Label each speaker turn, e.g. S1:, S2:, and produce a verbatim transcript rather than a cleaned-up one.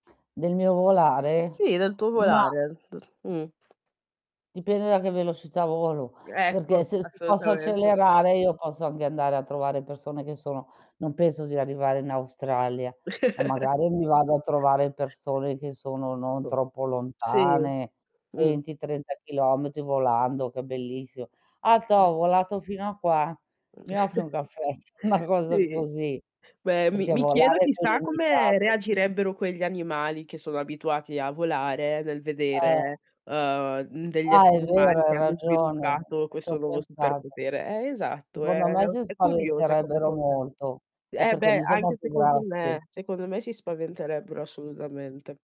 S1: Del mio volare?
S2: Sì, del tuo
S1: Ma
S2: volare. Mh. Mh.
S1: dipende da che velocità volo,
S2: Ecco,
S1: perché se se se posso
S2: assolutamente.
S1: accelerare io posso anghe andare a trovare persone che sono non penso sia arrivare in Australia, ma magari mi vado a trovare persone che sono non troppo
S2: Sì.
S1: lontane,
S2: Mh.
S1: venti trenta chilometri volando, che è bellissimo. "Ah, ca
S2: Eh
S1: ho volato fino a qua,
S2: Mh.
S1: mi offri un caffè?" Una cosa
S2: Sì.
S1: così.
S2: Beh, mi
S1: Perché
S2: mi chiedo
S1: volare è più
S2: chissà come
S1: limitato.
S2: reagirebbero quegli animali che sono abituati a volare nel
S1: Eh.
S2: vedere, uhm, mhmm, degli
S1: Ah,
S2: esseri
S1: è vero,
S2: umani
S1: hai
S2: che hanno
S1: ragione, non
S2: sviluppato
S1: c'ho
S2: questo nuovo
S1: pensat
S2: superpotere. Eh esatto, è
S1: Secondo me, si
S2: è curiosa come
S1: spaventerebbero
S2: cosa.
S1: molto, è
S2: Eh,
S1: perché
S2: beh,
S1: noi siamo
S2: anche
S1: più
S2: secondo
S1: grossi.
S2: me, secondo me si spaventerebbero assolutamente.